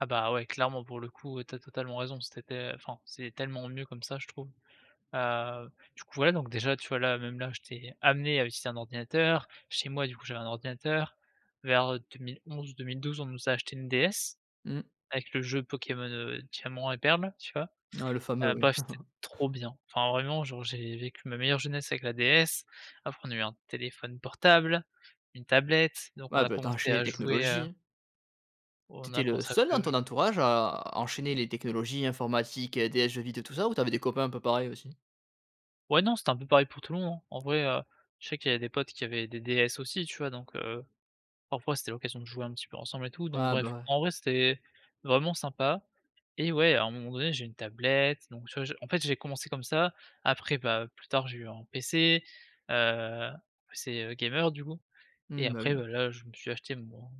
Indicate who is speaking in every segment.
Speaker 1: Ah, bah, ouais clairement pour le coup tu as totalement raison, c'était enfin c'est tellement mieux comme ça je trouve, heu, du coup, ouais donc déjà tu vois? Là même là j'étais amené à utiliser un ordinateur. Chez moi, du coup j'avais un ordinateur, vers, heu, 2011-2012 on nous a acheté une DS
Speaker 2: Mmh.
Speaker 1: avec le jeu Pokémon, heu, Diamant et Perle tu vois?
Speaker 2: Ah le fameux,
Speaker 1: Heu,
Speaker 2: oui.
Speaker 1: bref, c'était trop bien, enfin vraiment genre j'ai vécu ma meilleure jeunesse avec la DS, après on a eu un téléphone portable, une tablette, donc on
Speaker 2: Ouais,
Speaker 1: a
Speaker 2: bah, tu as
Speaker 1: commencé
Speaker 2: enchaîné les
Speaker 1: à jouer, heu
Speaker 2: technologies. Tu
Speaker 1: on
Speaker 2: étais
Speaker 1: a
Speaker 2: le
Speaker 1: commencer a
Speaker 2: seul
Speaker 1: jouer
Speaker 2: dans
Speaker 1: au j
Speaker 2: ton entourage à enchaîner les technologies informatiques, DS, jeux vidéo tout ça, ou tu avais des copains un peu pareils aussi?
Speaker 1: Ouais, non c'était un peu pareil pour tout le monde, en vrai, heu, je sais qu'il y a des potes qui avaient des DS aussi, tu vois? Donc heu, parfois c'était l'occasion de jouer un petit peu ensemble et tout, donc
Speaker 2: Ouais, bah,
Speaker 1: bref
Speaker 2: ouais.
Speaker 1: en vrai c'était vraiment sympa et ouais à un moment donné j'ai eu une tablette, donc tu vois? Je en fait j'ai commencé comme ça, après bah, plus tard j'ai eu un PC, heu, PC gamer du coup et
Speaker 2: Mmh, bah,
Speaker 1: après
Speaker 2: oui.
Speaker 1: bah, là je me suis acheté mon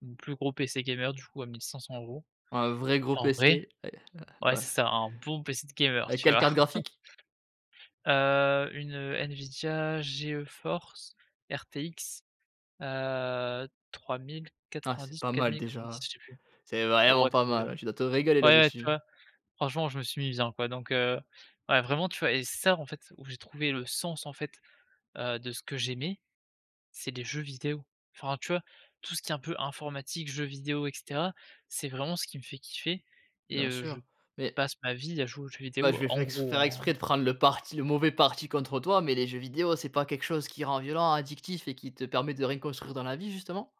Speaker 1: mon plus gros PC gamer du coup à 1 500 €
Speaker 2: Un vrai gros
Speaker 1: et en vrai
Speaker 2: pc, ouais,
Speaker 1: ouais
Speaker 2: bah,
Speaker 1: c'est
Speaker 2: ouais.
Speaker 1: ça un bon PC de gamer,
Speaker 2: Avec
Speaker 1: tu
Speaker 2: quelle
Speaker 1: vois?
Speaker 2: carte graphique?
Speaker 1: Heu, une Nvidia Geforce RTX, heu,
Speaker 2: Ah c'est
Speaker 1: 3090 ou
Speaker 2: pas mal
Speaker 1: 4090,
Speaker 2: déjà.
Speaker 1: je sais plus.
Speaker 2: C'est
Speaker 1: Bon
Speaker 2: vraiment
Speaker 1: bref,
Speaker 2: pas mal. Ouais,
Speaker 1: [unintelligible]
Speaker 2: tu dois te régaler
Speaker 1: ouais, ouais, tu
Speaker 2: là-dessus.
Speaker 1: vois? Franchement je me suis mis bien, quoi donc heu, ouais vraiment tu vois? Et c'est ça en fait où j'ai trouvé le sens en fait, heu, de ce que j'aimais, c'est des jeux vidéos. Enfin, tu vois? Tout ce qui est un peu informatique, jeux vidéos et cetera, c'est vraiment ce qui me fait kiffer et
Speaker 2: Bien
Speaker 1: heu, je
Speaker 2: sûr, mais
Speaker 1: passe ma vie à jouer aux jeux
Speaker 2: Bah, je
Speaker 1: vidéos
Speaker 2: vais
Speaker 1: en
Speaker 2: fai
Speaker 1: gros,
Speaker 2: faire
Speaker 1: hein.
Speaker 2: exprès de prendre le parti le mauvais parti contre toi, mais les jeux vidéos, c'est pas quelque chose qui rend violent, addictif et qui te permet de rien construire dans la vie, justement?